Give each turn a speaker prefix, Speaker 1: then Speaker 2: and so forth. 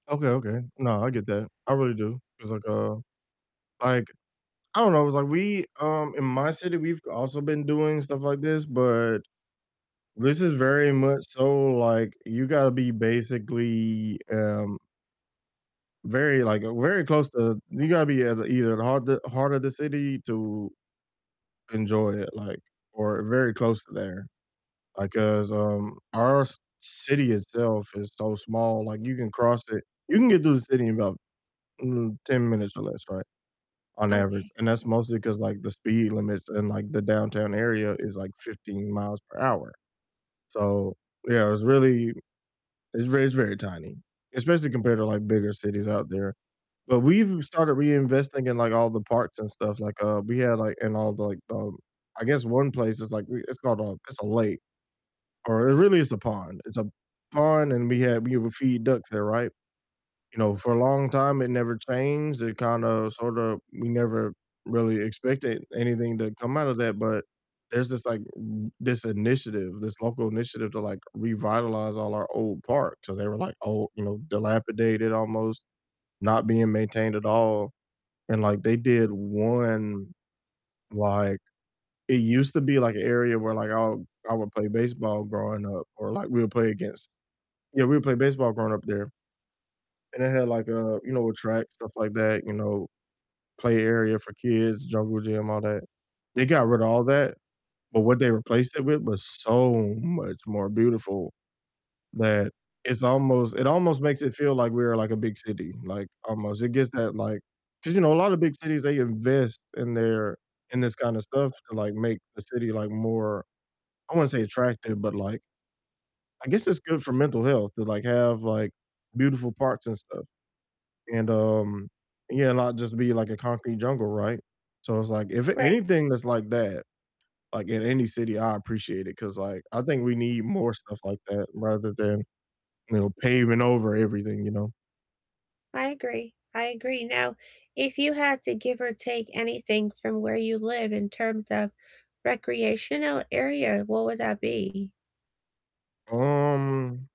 Speaker 1: Okay, okay, no, I get that, I really do. It's, like, uh like, I don't know, it's, like, we um, in my city, we've also been doing stuff like this, but, this is very much so, like, you gotta be basically, um very, like very close to you gotta be at either the heart the heart of the city to enjoy it, like or very close to there, like, 'cause, um, our c city itself is so small, like, you can cross it you can get through the city in about, mm, 10 minutes or less, right, on average,
Speaker 2: Okay.
Speaker 1: and that's mostly 'cause, like, the speed limits in, like, the downtown area is, like, 15 miles per hour, so, yeah, it's really it's very it's very tiny, especially compared to, like, bigger cities out there, but, we've started reinvesting in, like, all the parks and stuff, like, uh, we had, like and all the, like, um I guess one place is, like, we it's called a it's a lake, or really it's a pond it's a pond, and we had we would feed ducks there, right, you know, for a long time it never changed, it kind of, sort of we never really expected anything to come out of that, but, there's this, like, r this initiative, this local initiative to, like, revitalize all our old parks, 'cause they were, like, old, you know, dilapidated almost, not being maintained at all, and, like, they did one, like it used to be, like, a area where, like, I I would play baseball growing up or, like, we would play against yeah, we would play baseball growing up there, and it had, like, a, you know, a track, stuff like that, you know, play area for kids, jungle gym, all that. They got rid of all that, but what they replaced it with was so much more beautiful that it's almost it almost makes it feel like we are, like, a big city, like, almost. It gives that, like 'cause, you know, a lotta big cities, they invest in their, in this kinda stuff to, like, make the city, like, more I wouldn't say attractive, but, like I guess it's good for mental health to, like, have, like, beautiful parks and stuff and, um, yeah, not just be, like, a concrete jungle, right, so, it's, like, if
Speaker 2: Right,
Speaker 1: anything that's
Speaker 2: yeah.
Speaker 1: like that, like, in any city, I appreciate it, 'cause, like, I think we need more stuff like that rather than, you know, paving over everything, you know?
Speaker 2: I agree, I agree, now, if you had to give or take anything from where you live in terms of recreational area, what would that be?
Speaker 1: Um